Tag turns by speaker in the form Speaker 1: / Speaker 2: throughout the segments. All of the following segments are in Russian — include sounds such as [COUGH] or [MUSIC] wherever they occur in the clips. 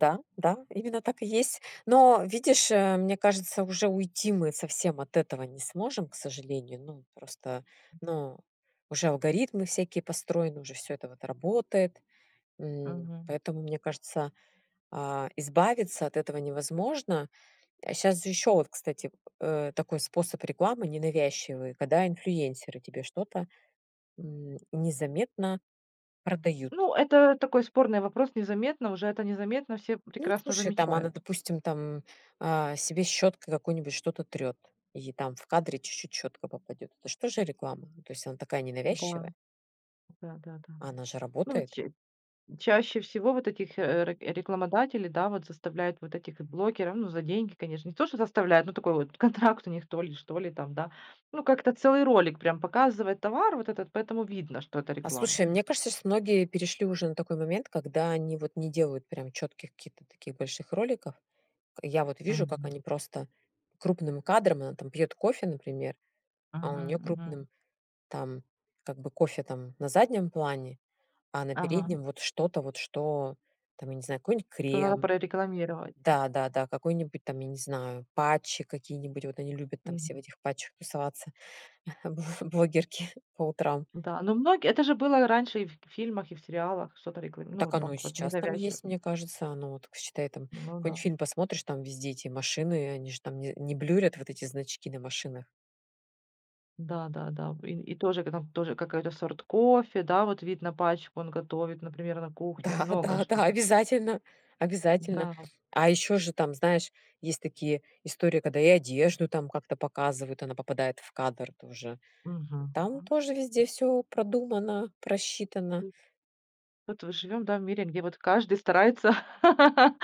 Speaker 1: Да, да, именно так и есть. Но видишь, э, мне кажется, уже уйти мы совсем от этого не сможем, к сожалению. Ну, просто, ну, уже алгоритмы всякие построены, уже всё это вот работает. М.
Speaker 2: Мгм.
Speaker 1: Поэтому, мне кажется, а, избавиться от этого невозможно. А щас же ещё, вот, кстати, э, такой способ рекламы ненавязчивый, когда инфлюенсеры тебе что-то, м, незаметно продают.
Speaker 2: Ну это такой спорный вопрос. Незаметно уже это незаметно все
Speaker 1: Ну,
Speaker 2: прекрасно
Speaker 1: слушай, там она,
Speaker 2: замечают.
Speaker 1: допустим, там, а, себе щёткой какой-нибудь что-то трёт, и там в кадре чуть-чуть щетка попадёт. Это ж тоже реклама. Ну, то есть, она такая
Speaker 2: Да.
Speaker 1: ненавязчивая.
Speaker 2: Да-да-да.
Speaker 1: А она же
Speaker 2: Ну вот,
Speaker 1: работает.
Speaker 2: че Чаще всего вот этих, э, рек рекламодателей, да, вот, заставляют вот этих, э, блогеров, ну, за деньги, конечно. Не то что заставляют, но такой вот контракт у них то ли, что ли там, да. Ну, как-то целый ролик, прям, показывает товар вот этот, поэтому видно, что это
Speaker 1: А,
Speaker 2: реклама.
Speaker 1: слушай, мне кажется, щас многие перешли уже на такой момент, когда они, вот, не делают, прям, чётких каких-то таких больших роликов. К я, вот, вижу, как
Speaker 2: Мгм.
Speaker 1: они просто крупным кадром, она, там, пьёт кофе, например, а у
Speaker 2: Мгм,
Speaker 1: неё
Speaker 2: мгм.
Speaker 1: крупным там, как бы, кофе, там, на заднем плане, а на
Speaker 2: Ага.
Speaker 1: переднем вот что-то вот, что там, я не знаю, какой-нибудь
Speaker 2: То надо
Speaker 1: крем.
Speaker 2: прорекламировать.
Speaker 1: Да-да-да, какой-нибудь там, я не знаю, патчи какие-нибудь, вот, они любят там все в
Speaker 2: Мгм.
Speaker 1: этих патчах тусоваться бло блогерки по утрам.
Speaker 2: Да, ну, многие это же было раньше и в в фильмах, и в сериалах что-то реклами ну,
Speaker 1: Так
Speaker 2: вот так
Speaker 1: оно и
Speaker 2: вот,
Speaker 1: сейчас там
Speaker 2: ненавязчиво.
Speaker 1: есть, мне кажется. Оно, вот, к считай, там,
Speaker 2: Ну
Speaker 1: какой-нибудь
Speaker 2: да.
Speaker 1: фильм посмотришь, там везде эти машины, они же там не не блюрят вот эти значки на машинах.
Speaker 2: Да, да, да. В и и тоже, там тоже какой-то сорт кофе, да, вот видно пачку, он готовит, например, на кухне.
Speaker 1: Да,
Speaker 2: Много
Speaker 1: да,
Speaker 2: что.
Speaker 1: да, обязательно обязательно.
Speaker 2: Да.
Speaker 1: А ещё же там, знаешь, есть такие истории, когда и одежду, там, как-то показывают, она попадает в кадр тоже.
Speaker 2: Мгм.
Speaker 1: Там тоже везде всё продумано, просчитано.
Speaker 2: Вот вы живем, да, в мире, где, вот, каждый старается [LAUGHS]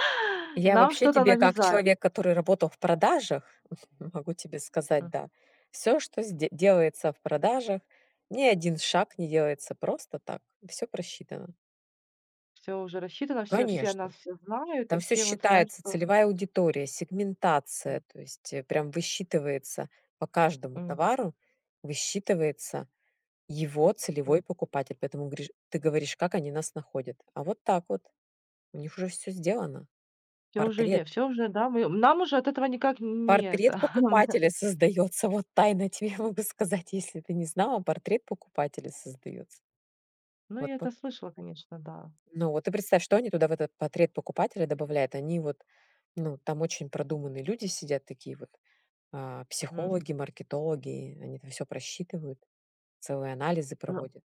Speaker 1: Я
Speaker 2: нам
Speaker 1: вообще
Speaker 2: что-то
Speaker 1: тебе как
Speaker 2: навязать.
Speaker 1: человек, который работал в продажах, [CHUCKLES] могу тебе сказать,
Speaker 2: М.
Speaker 1: да. Всё, что сде делается в продажах, ни 1 шаг не делается просто так. Всё просчитано.
Speaker 2: Всё уже рассчитано, всё все о
Speaker 1: Конечно.
Speaker 2: нас все знают и
Speaker 1: Там всё
Speaker 2: все вот знают,
Speaker 1: считается:
Speaker 2: что
Speaker 1: целевая аудитория,
Speaker 2: М.
Speaker 1: сегментация,- то есть, э, прям высчитывается по каждому
Speaker 2: М.
Speaker 1: товару. Высчитывается его
Speaker 2: М.
Speaker 1: целевой покупатель. Поэтому гришь ты говоришь, как они нас находят? А вот так вот. У них уже всё сделано.
Speaker 2: Всё уже
Speaker 1: Портрет.
Speaker 2: е всё уже, да, мы, нам уже от этого никак нь ни
Speaker 1: Портрет
Speaker 2: это. [CHUCKLES]
Speaker 1: покупателя создаётся. Вот тайно я тебе могу сказать, если ты не знала, портрет покупателя создаётся.
Speaker 2: Ну,
Speaker 1: Вот
Speaker 2: я
Speaker 1: пы
Speaker 2: это слышала, конечно, да.
Speaker 1: Ну вот, и представь, что они туда, в этот портрет покупателя добавляют, они, вот, ну, там очень продуманные люди сидят, такие вот, а,
Speaker 2: Мгм.
Speaker 1: психологи, маркетологи, они это всё просчитывают, целые анализы проводят.